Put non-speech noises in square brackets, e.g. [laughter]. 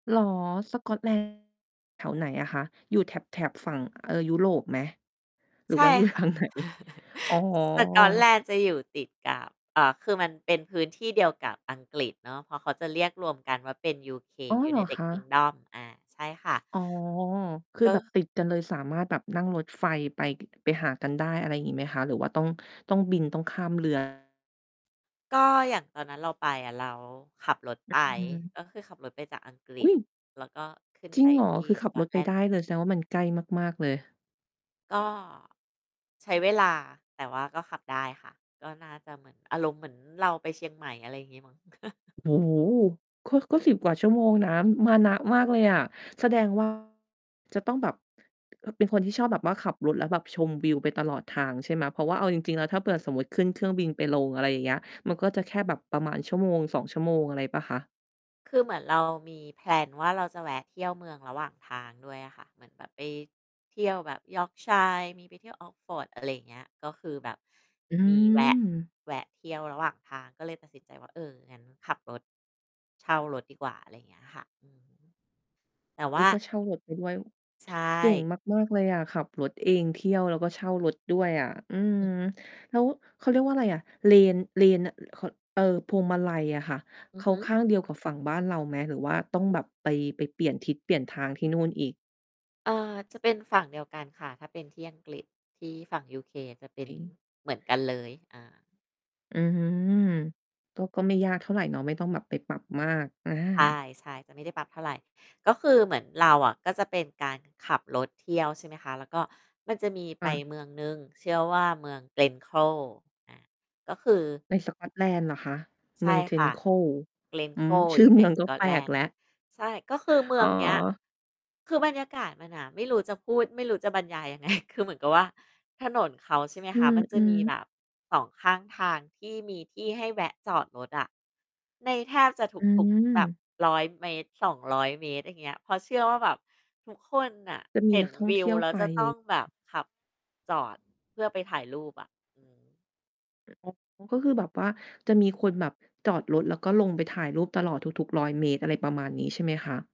เหรอ? สกอต แลนด์ แถวไหนอะคะ? อยู่แถบ แถบฝั่ง เอ่อ ยุโรปไหม? หรืใชอ่ว่าอยู่ ค่ทะ างไหน? อ๋อ [chuckles] ส สกอตแลนด์จะอยู่ติด กับ อ่า คือมันเป็นพื้นที่เดียวกับอังกฤษเนาะ เพราะเขาจะเรียกรวมกันว่า เป็น UK อ๋อ เหรอUnited คะ? Kingdom อา ใช่ค่ะ อ๋อ คือกแบบ็ ติดกันเลย สามารถแบบนั่งรถไฟไป ไปหากันได้ อะไรงี้ไหมคะ? หรือว่าต้อง ต้องบิน ต้องข้าม เรือ? ก็อย่างตอนนั้นเราไปอะ เราขับรถไป อืม ก็คือขับรถไปจากอังกฤอุษ ๊ย แล้วก็ขึ้นจรไิปงเหรอ? ที่คือขสับกอรตถแลไปนด์ ได้เลย แสดงว่า มันใกล้มาก ๆ เลย ก็ ใช้เวลา แต่ว่าก็ขับได้ค่ะ ก็น่าจะเหมือน อารมณ์เหมือนเราไปเชียงใหม่ อะไรงี้มั้ง [chuckles] โอ้โฮ ก็ ก็ 10 กว่าชั่วโมงนะ อือ มานะมากเลยอ่ะ แสดง ว่า จะต้องแบบ พ เป็นคนที่ชอบแบบว่าขับรถแล้วแบบชมวิวไปตลอดทาง ใช่ไหม เพราะว่าเอาจริง ๆ แล้วถ้าเผื่อสมมุติขึ้นเครื่องบินไปลง อะไรอย่างเงี้ย มันก็จะแค่แบบประมาณ 1-2 ชั่วโมง อะไรเปล่าคะ? คือเหมือนเรามี แพลน ว่า เราจะแวะเที่ยวเมืองระหว่างทางด้วยอะค่ะ เหมือนแบบไปเที่ยวแบบ Yorkshire มีไปเที่ยว Oxford อะไรเงี้ย ก็คือแบบอืมีแวะ ม แวะเที่ยวระหว่างทาง ก็เลยตัดสินใจว่า เออ งั้นขับรถ เช่ารถดีกว่า อะไรอย่างค่ะ อือฮึ แต่วอุ๊่า ย ก็เช่ารถไปด้วย ใชเก่ง่ มาก ๆ เลยอะขับรถเองเที่ยว แล้วก็เช่ารถด้วยอะ อือม ืม แล้ว เขาเรียกว่าไรอะ เลน เลนน่ะ อือ ข็อด เออ พวงมาลัยอะค่ะ อเืขอฮาึ ข้างเดียวกับฝั่งบ้านเราไหม? หรือว่าต้องแบบไป ไปเปลี่ยนทิศเปลี่ยนทางที่นู่นอีก? เออ จะเป็นฝั่งเดียวกันค่ะ ถ้าเป็นที่อังกฤษ ที่ฝั่ง UK เป็นจริง เหมือนกันเลย อา อื้อฮือ ก็ ก็ไม่ยากเท่าไรเนาะ ไม่ต้องแบบไปปรับมาก อา ใช่ ๆ จะไม่ได้ปรับเท่าไร ก็คือเหมือนเราอะก็จะเป็นการขับรถเที่ยว ใช่ไหมคะ แล้วก็มันจะมีไคป่ะ เมืองหนึ่ง เชื่อว่า เมือง Glencoe อา ก็คือ ในสกอตแลนด์เหรอคะ? ใชเม่ือง ค่ะ Glencoe อืม Glencoe ชอืยู่อ่ใเนมือง สก็กอแตปแลลกนดแ์ ล้ว ใช่ ก็คือเมืออ๋อ งเนี้ย คือบรรยากาศมันอะ ไม่รู้จะพูด ไม่รู้จะบรรยายยัง ไง คือเหมือนกับว่า ถนนเขา ใช่ไหมอคืะ มันจะมอ ีแๆ บบ 2 ข้างทางที่มีที่ให้แวะจอดรถอะ ในแทบจะทอืุก ๆ แบบ ม 100 เมตร 200 เมตร อย่างเงี้ย เพราะเชื่อว่า แบบทุกคนน่ะจะมีเห็นนักท่อวงเิทวี่ยวแล้วไป จะต้องแบบขับ จอด เพื่อไปถ่ายรูปอะ อืม อ๋อ ก็คือแบบว่าจะมีคนแบบจอดรถ แล้วก็ลงไปถ่ายรูปตลอด ทุก ๆ 100 เมตร อะไรประมาณนี้ ใช่ไหมคะ?